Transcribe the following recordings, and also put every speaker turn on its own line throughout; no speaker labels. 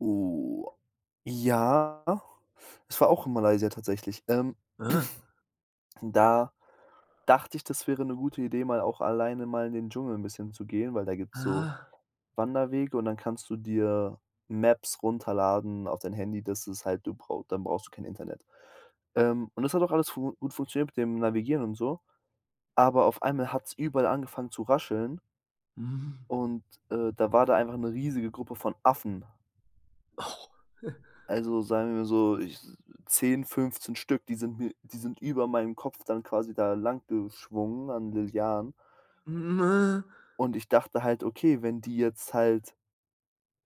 Oh, ja, doch. Es war auch in Malaysia tatsächlich. Ähm,
Ah.
da dachte ich, das wäre 'ne gute Idee, mal auch alleine mal in den Dschungel 'n bisschen zu gehen, weil da gibt's so
Ah.
Wanderwege und dann kannst du dir Maps runterladen auf dein Handy, das ist halt du brau dann brauchst du kein Internet. Ähm, und das hat auch alles fu gut funktioniert mit dem Navigieren und so, aber auf einmal hat's überall angefangen zu rascheln. Und, äh, da war da einfach 'ne riesige Gruppe von Affen.
Oh.
Also sagen wir so ich 10, 15 Stück, die sind mir die sind über meinem Kopf dann quasi da lang geschwungen an Lianen. Und ich dachte halt: „Okay, wenn die jetzt halt,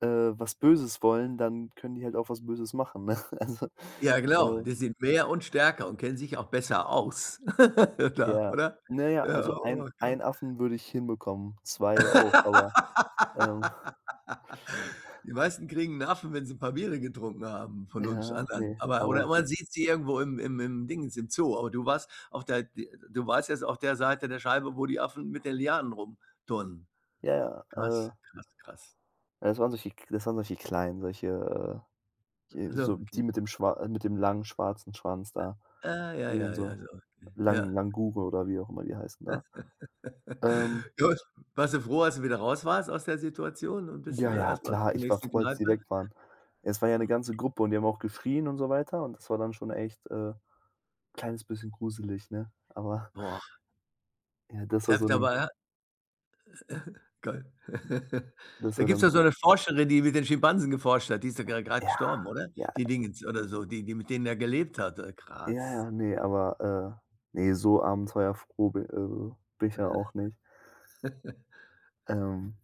äh, was Böses wollen, dann können die halt auch was Böses machen“, ne?
Ja, genau,
Also, äh
die sind mehr und stärker und kennen sich auch besser aus da,
Ja.
oder?
Na ja, also ein
[unintelligible]
ein Affen würde ich hinbekommen, 2 auch, aber ähm
Die meisten kriegen 'n Affen, wenn sie 'n paar Biere getrunken haben von uns
Ja,
anderen,
ne,
aber
aber
oder
so
man sieht sie irgendwo im im im Dingens im Zoo, aber du warst auf der de du warst jetzt auf der Seite der Scheibe, wo die Affen mit den Lianen rumturnen.
Ja,
Krass,
äh
krass, krass.
es waren solche Kl es waren solche Kleine, solche die
Ja,
so
okay.
die mit dem Schwa mit dem langen, schwarzen Schwanz da,
Äh, ja,
die dann
ja, ja,
so
so okay.
Lang
Ja.
Langure oder wie auch immer die heißen da. Ähm
Gut, warst du froh, als du wieder raus warst aus der Situation und bist du
Ja,
dann
ja,
erst mal
klar,
zur
ich war
nächsten
froh, als die
Kneipe?
weg waren. Es war ja 'ne ganze Gruppe und die haben auch geschrien und so weiter und das war dann schon echt, äh, kleines bisschen gruselig, ne? Aber
Boah.
ja, dass er
Da w
so
da
'nen
war ja geil.
dass
Da
war
gibt's
dann,
ja so
so
'ne Forscherin, die mit den Schimpansen geforscht hat, die ist ja gr grad
Ja,
gestorben, oder?
ja.
Die Dingens oder so die die mit denen da gelebt hat, äh,
Ja,
krass.
ja, ne, aber, äh, ne, so abenteuerfroh bi äh, bin ich dann auch nicht. Ähm,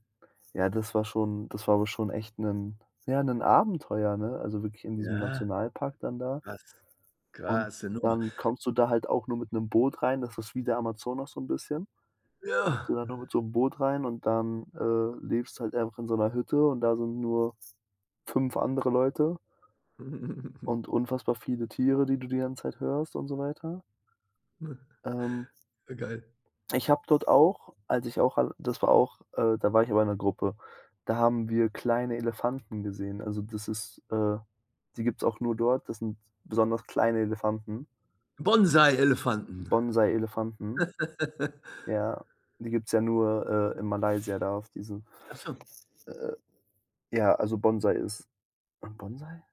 ja, das war schon das war aber schon echt 'nen ja, 'nen Abenteuer, ne, also wirklich in diesem
Ja,
Nationalpark dann da.
krass,
Und
krasse Nummer.
dann kommst du da halt auch nur mit 'nem Boot rein, das ist wie der Amazonas so 'n bisschen kommst du
Ja.
da nur mit so 'nem Boot rein und dann, äh, lebst halt auch in so 'ner Hütte und da sind nur 5 andere Leute und unfassbar viele Tiere, die du die ganze Zeit hörst und so weiter. Ähm
Äh, geil.
ich habe dort auch, als ich auch all das war auch äh, da war ich aber in 'ner Gruppe, da haben wir kleine Elefanten gesehen. Also das ist äh, die gibt's auch nur dort, das sind besonders kleine Elefanten.
Bonsai-Elefanten.
Bonsai-Elefanten. Ja, die gibt's ja nur, äh, in Malaysia da auf diesem
Ach so.
äh, ja, also Bonsai ist ein Bonsai?